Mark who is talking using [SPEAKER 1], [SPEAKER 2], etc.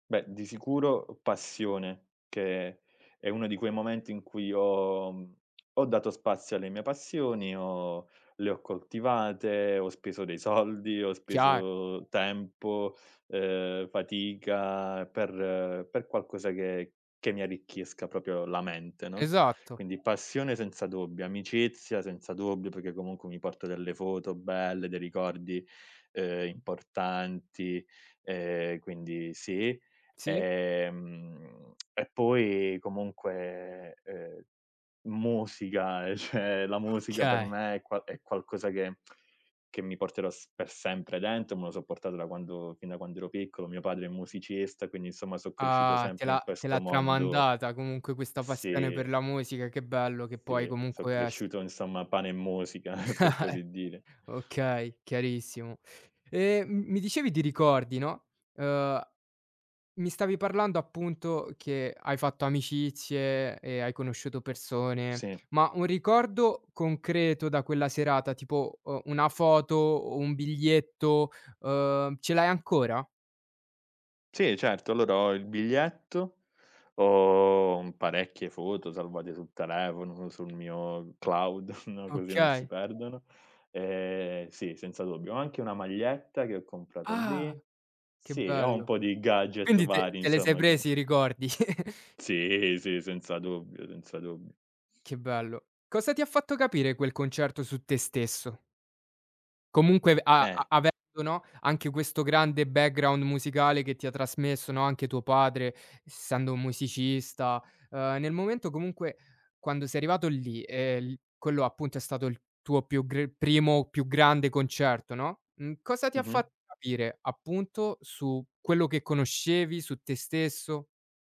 [SPEAKER 1] Beh, di sicuro passione, che è uno di quei momenti in cui io ho dato spazio alle mie passioni, ho le ho coltivate, ho speso dei soldi, ho
[SPEAKER 2] Chiar
[SPEAKER 1] speso tempo, ehm, fatica per per qualcosa che che mi arricchisca proprio la mente, no.
[SPEAKER 2] Esatto.
[SPEAKER 1] Quindi passione senza dubbio, amicizia senza dubbio, perché comunque mi porto delle foto belle, dei ricordi, ehm, importanti, ehm, quindi sì.
[SPEAKER 2] Sì.
[SPEAKER 1] Ehm, e poi comunque, ehm, musica, eh, cioè la musica per
[SPEAKER 2] Okay.
[SPEAKER 1] me è qua è qualcosa che che mi porterò s per sempre dentro, me lo so' portato da quando fin da quando ero piccolo. Mio padre è musicista, quindi insomma son cresciuto
[SPEAKER 2] Ah! Te
[SPEAKER 1] sempre in
[SPEAKER 2] l'ha te l'ha
[SPEAKER 1] questo mondo
[SPEAKER 2] tramandata comunque questa passione per
[SPEAKER 1] Sì.
[SPEAKER 2] la musica, che bello che puoi
[SPEAKER 1] Sì, so
[SPEAKER 2] comunque es
[SPEAKER 1] cresciuto insomma a pane e musica per
[SPEAKER 2] Eh
[SPEAKER 1] così dire.
[SPEAKER 2] Okay, chiarissimo. E m mi dicevi di ricordi, no, uhm, mi stavi parlando appunto che hai fatto amicizie e hai conosciuto persone.
[SPEAKER 1] Sì.
[SPEAKER 2] Ma un ricordo concreto da quella serata tipo, uhm, una foto o un biglietto, uhm, ce l'hai ancora?
[SPEAKER 1] Sì certo, allora ho il biglietto, ho, mhmm, parecchie foto salvate sul telefono, sul mio cloud, no, così non si
[SPEAKER 2] Okay.
[SPEAKER 1] perdono. Ehm, sì, senza dubbio, ho anche una maglietta che ho comprato
[SPEAKER 2] Ah!
[SPEAKER 1] lì.
[SPEAKER 2] Che
[SPEAKER 1] Sì, ho un
[SPEAKER 2] bello.
[SPEAKER 1] po' di gadget
[SPEAKER 2] Quindi t
[SPEAKER 1] vari
[SPEAKER 2] te le sei
[SPEAKER 1] insomma che
[SPEAKER 2] presi i ricordi?
[SPEAKER 1] Sì, sì senza dubbio, senza dubbio.
[SPEAKER 2] Che bello. Cosa ti ha fatto capire quel concerto su te stesso? Comunque a
[SPEAKER 1] Eh.
[SPEAKER 2] avendo, no? Anche questo grande background musicale che ti ha trasmesso, no, anche tuo padre, essendo un musicista, ehm, nel momento comunque quando sei arrivato lì, e l quello appunto è stato il tuo più gr primo più grande concerto, no, mhmm, cosa ti ha
[SPEAKER 1] Mh-mh.
[SPEAKER 2] fatto capire, appunto, su quello che conoscevi, su te stesso?